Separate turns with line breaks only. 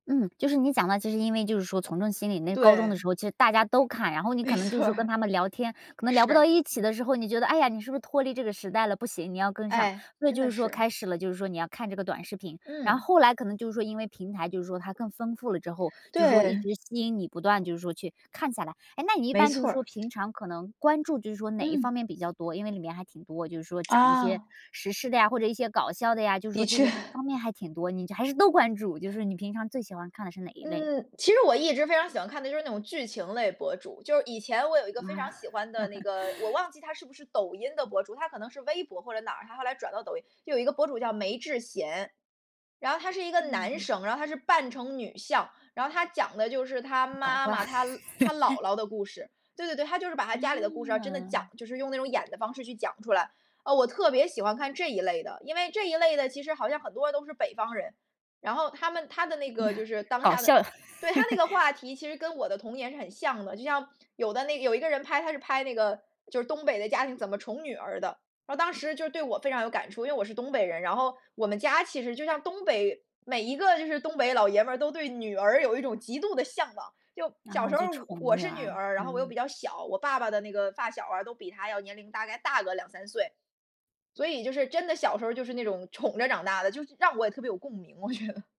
嗯，就是你讲的，其实因为就是说从众心理，那高中的
对。
时候其实大家都看，然后你可
没
能就是
错
说跟
儿。
他们聊天，可能聊不到
是。
一起的时候，你觉得，唉呀，你是不是脱离这个时代了？不行，你要跟上，
哎，
所以
真
就
的
是说
是。
开始了，就是说你要看这个短视频。然后
嗯。
后来可能就是说因为平台就是说它更丰富了之后，就是说一
对。
直吸引你不断就是说去，看下来。哎，那你一
没
般就是
错儿。
说平常可能，关注就是说哪一
嗯。
方面比较多？因为里面还挺多，就是说讲一些
啊。
时事的呀，或者一些搞笑的呀，就是
的
说这个
确。
方面还挺多，你还是都关注，就说你平常最喜欢看的是哪一类？
嗯，其实我一直非常喜欢看的就是那种剧情类博主。就是以前我有一个非常
啊。
喜欢的那 个，我忘记他是不是抖音的博主，他可能是微博或者哪儿？他后来转到抖音。就有一个博主叫“梅智贤”，然后他是一个男
嗯。
生，然后他是扮成女相，然后他讲的就是他
搞
妈
怪。
妈、他他 姥姥的故事。对对对，他就是把他家里的故事，哦，真的讲
嗯。
就是用那种演的方式去讲出来。呃，我特别喜欢看这一类的，因为这一类的其实好像很多人都是北方人，然后他们他的那个就是 当
搞
下的
笑。
对，他那 个话题其实跟我的童年是很像的，就像，有的那个有一个人拍，他是拍那个就是东北的家庭怎么宠女儿的，然后当时就对我非常有感触，因为我是东北人。然后，我们家其实就像东北，每一个就是东北老爷们都对女儿有一种极度的向往。就，小
啊，
时候，
就
我
宠
我
女
是女
儿。
儿然后我又
嗯。
比较小，我爸爸的那个发小儿啊，都比他要年龄大概大个2-3岁。所以就是真的，小时候就是那种宠着长大的，就让我也特别有共鸣，我觉得。